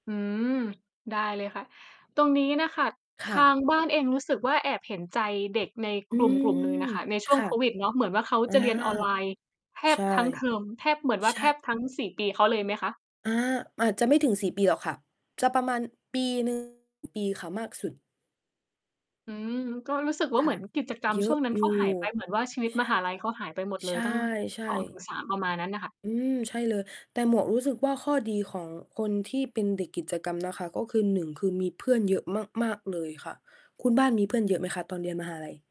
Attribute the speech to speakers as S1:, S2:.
S1: อืม ได้เลยค่ะ ตรงนี้น่ะค่ะ
S2: ค
S1: ท
S2: ่ะ
S1: างบ้านเองรู้สึกว่า แอบเห็นใจเด็กใน
S2: อื
S1: กลุ่ม กลุ่มหนึ่
S2: ม
S1: งน่ะค่ะ ในช่
S2: ค
S1: วง
S2: ่ะ
S1: โควิดเนาะ เหมือนว่า เขา
S2: อา
S1: จะเรียนออน ไลน์แท
S2: ใช
S1: บ
S2: ่
S1: ทั้งเทอม แทบ เหมือนว่า
S2: ใช
S1: แ
S2: ่
S1: ทบ ทั้ง 4 ปีเขาเลยไหมคะ?
S2: อา อาจจะไม่ถึง 4 ปีหรอกค่ะ จะประมาณปีหนึ่ง ปีค่ะ มากสุด
S1: อืม อืม ก็รู้สึกว่า
S2: ค
S1: เห
S2: ่
S1: มื
S2: ะ
S1: อน กิจกรรม
S2: เย
S1: ช
S2: อ
S1: ่ว
S2: ะ
S1: งนั้น
S2: อย
S1: เ
S2: ู
S1: ข
S2: ่
S1: าหายไป เหมือนว่า ชีวิต
S2: ช
S1: ม
S2: ่ะ
S1: หาลัยเขาหายไปหมดเล
S2: ใช
S1: ย
S2: ่
S1: ตั้ง
S2: ใช
S1: สองถึ
S2: ่
S1: งสาม ประมาณนั้นน่ะค่ะ
S2: อืม ใช่เลย แต่หมวกรู้สึกว่า ข้อดีของคนที่เป็นเด็กกิจกรรม นะคะ ก็คือ 1 คือมีเพื่อนเยอะมาก ๆ เลยค่ะ คุณบ้านมีเพื่อน เยอะไหมคะ ตอนเรียนมหาลัย?